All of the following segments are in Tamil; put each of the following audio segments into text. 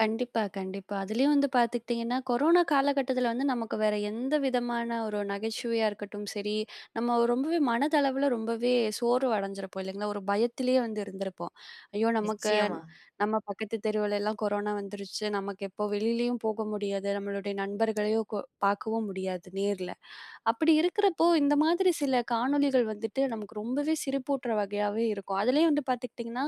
கண்டிப்பா, கண்டிப்பா, அதிலேயும் வந்து பார்த்துக்கிட்டிங்கன்னா, கொரோனா காலகட்டத்தில வந்து நமக்கு வேற எந்த விதமான ஒரு நகைச்சுவையா இருக்கட்டும் சரி, நம்ம ரொம்பவே மனதளவில ரொம்பவே சோர்வு அடைஞ்சிருப்போம் இல்லங்களா? ஒரு பயத்திலேயே வந்து இருந்திருப்போம். ஐயோ நமக்கு, நிச்சயமா. நம்ம பக்கத்து தெருவுலலாம் கொரோனா வந்துருச்சு நமக்கு எப்போ வெளிலேயும் போக முடியாது, நம்மளுடைய நண்பர்களையும் கொ பார்க்கவும் முடியாது நேரில, அப்படி இருக்கிறப்போ இந்த மாதிரி சில காணொளிகள் வந்துட்டு நமக்கு ரொம்பவே சிரிப்பூட்டுற வகையாவே இருக்கும், அதுலேயும் வந்து பார்த்துக்கிட்டிங்கன்னா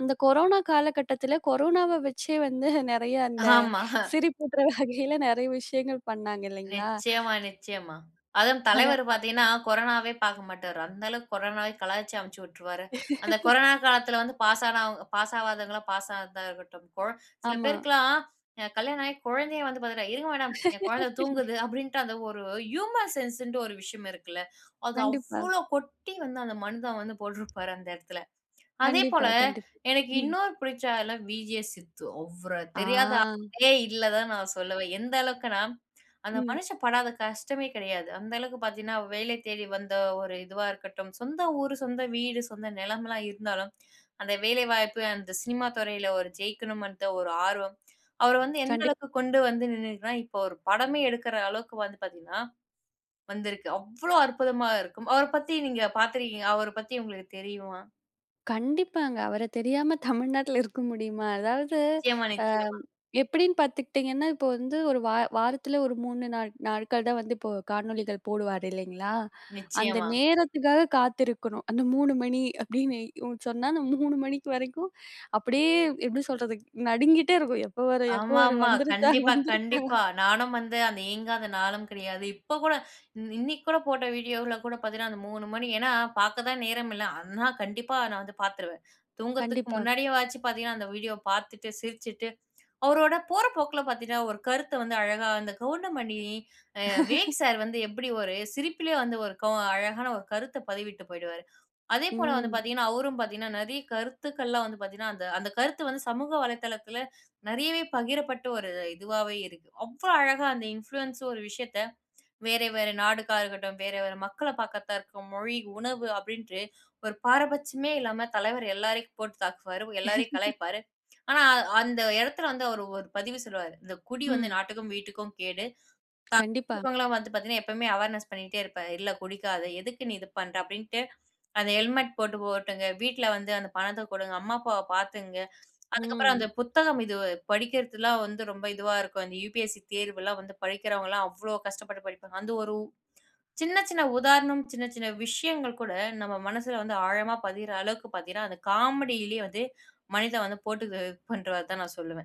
அந்த கொரோனா காலகட்டத்தில கொரோனாவ வச்சே வந்து நிறைய அந்த ஆமா. சிரிப்பூட்டுற வகையில நிறைய விஷயங்கள் பண்ணாங்க இல்லங்களா? நிச்சயமா, நிச்சயமா. அதுவும் அத. தலைவர் பார்த்திங்கன்னா, கொரோனாவே பார்க்க மாட்டாரு அந்த அளவுக்கு கொரோனாவை கலாய்ச்சு அமுச்சி உட்டுருவாரு, அந்த கொரோனா காலத்தில வந்து பாஸ்னா பாஸ் ஆவாதவங்களா பாஸா இருக்கட்டும் கொழ, சில ஆமா. பேருக்கெல்லாம் கல்யாணம் ஆகி குழந்தையை வந்து பார்த்துட்டா இருங்க மேடம் என் குழந்தை தூங்குது அப்படின்ட்டு அந்த ஒரு ஹியூமர் சென்ஸ்ன்ட்டு ஒரு விஷயம் இருக்குல்ல, அது கண்டிப்பா. அவ்வளோ கொட்டி வந்து அந்த மனிதன் வந்து போட்டிருப்பாரு அந்த இடத்துல. அதேபோல கண்டிப்பா கண்டிப் எனக்கு ம். இன்னொரு பிடிச்ச ஆளு வி.ஜே சித்து அவர ஆ. தெரியாத ஆளே இல்ல தான் நான் சொல்லுவேன். எந்த அளவுக்கு நான், அந்த ம். மனுஷன் படாத கஷ்டமே கிடையாது. அந்த அளவுக்கு பார்த்தீங்கன்னா வேலை தேடி வந்த ஒரு இதுவா இருக்கட்டும், சொந்த ஊரு, சொந்த வீடு, சொந்த நிலம் எல்லாம் இருந்தாலும் அந்த வேலை வாய்ப்பு அந்த சினிமா துறையில ஒரு ஜெயிக்கணும்ன்ற ஒரு ஆர்வம், அவர வந்து எந்த கண்டிப் அளவுக்கு கொண்டு வந்து நின்னுரக்குனா, இப்போ ஒரு படமே எடுக்கற அளவுக்கு வந்து பார்த்தீங்கன்னா வந்திருக்கு. அவ்வளோ அற்புதமா இருக்கும். அவர பத்தி நீங்க பாத்திருக்கீங்களா அவர பத்தி உங்களுக்கு தெரியுமா? கண்டிப்பாங்க அவர தெரியாம தமிழ்நாட்டில இருக்க முடியுமா? அதாவது, நிச்சயமா, அ நிச்சயமா. எப்படின்னு பார்த்துக்கிட்டிங்கன்னா, இப்ப வந்து ஒரு வா வாரத்தில ஒரு 3 நாள் நாட்கள் தான் வந்து இப்போ காணொளிகள் போடுவார் இல்லங்களா? அந்த நிச்சயமா. நேரத்துக்காக காத்திருக்கணும் அந்த 3 மணி அப்படின்னு சொன்னா அந்த 3 மணிக்கு வரைக்கும் அப்படியே எப்படி சொல்றது? நடுங்கிட்டே இருக்கும், எப்போ வர எப்போ ஆமா, வர ஆமா. வந்துருச்சா கண்டிப்பா, வந்துருச்சா. கண்டிப்பா. நானும் வந்து அந்த இயங்காத நாளும் கிடையாது. இப்போ கூட இன்னைக்கு கூட போட்ட வீடியோல கூட பார்த்தீங்கன்னா அந்த 3 மணி ஏன்னா பார்க்க தான் நேரம் இல்ல, அண்ணா கண்டிப்பா நான் வந்து பார்த்துருவேன். தூங்குறதற்கு கண்டிப்பா. முன்னாடியே வாச்சு பார்த்தீங்கன்னா அந்த வீடியோ பார்த்துட்டு, சிரிச்சுட்டு, அவரோட போற போக்கில பார்த்தீங்கன்னா, ஒரு கருத்த வந்து அழகா அந்த கவுண்டமணி அ விவேக் சார் வந்து எப்படி ஒரு சிரிப்பிலேயே வந்து ஒரு அழகான ஒரு கருத்த பதிவிட்டு போய்டுவார், அதே போல வந்து ம். பார்த்தீங்கன்னா அவரும் பார்த்தீங்கன்னா நிறைய கருத்துக்கள் எல்லாம் வந்து பார்த்தீங்கன்னா அந்த கருத்து வந்து சமூக வலைதளத்தில நிறையவே பகிரப்பட்ட ஒரு இதுவாவாவே இருக்கு. அவ்வளவு அழகா அந்த இன்ஃப்ளூயன்ஸர் ஒரு விஷயத்தை வேறு வேறு நாடுகாரர்ரா இருக்கட்டும், வேறு வேறு மக்களை பார்க்கர்தா இருக்கும் மொழி உணவு அப்படின்ட்டு ஒரு பாரபட்சம் இல்லாம தலைவர் எல்லோரையும் போட்டு தாக்குவார், எல்லாரையும் கலாய்ப்பார். ஆனா அந்த இடத்தில வந்து அவர் ஒரு பதிவு சொல்லுவார். இந்த குடி வந்து ம். நாட்டுக்கும் வீட்டுக்கும் கேடு. கண்டிப்பா. [unintelligible] வந்து பார்த்திங்கன்னா எப்போவுமே அவேர்னஸ் பண்ணிட்டே இருப்பார், இல்ல குடிக்காத எதுக்கு நீ இது பண்ற அப்படின்ட்டு அந்த ஹெல்மெட் போட்டு போட்டுங்க வீட்டில வந்து அந்த பணத்தை கொடுங்க அம்மா, அப்பாவ பார்த்துக்ங்க, அதுக்கப்புறம் அந்த ம். புத்தகம் இது படிக்கிறதுலாம் வந்து ரொம்ப இதுவா இருக்கும், அந்த UPSC தேர்வெல்லாம் வந்து படிக்கிறவங்கலாம் அவ்வளோ கஷ்டப்பட்டு படிப்பாங்க, அந்த ஒரு சின்ன, சின்ன உதாரணம், சின்ன சின்ன விஷயங்கள் கூட நம்ம மனசுல வந்து ஆழமா பதியிற அளவுக்கு பார்த்தீங்கன்னா அந்த காமெடிலயே வந்து மனிதன் வந்து போட்டு பண்ணுவார் தான் நான் சொல்லுவேன்.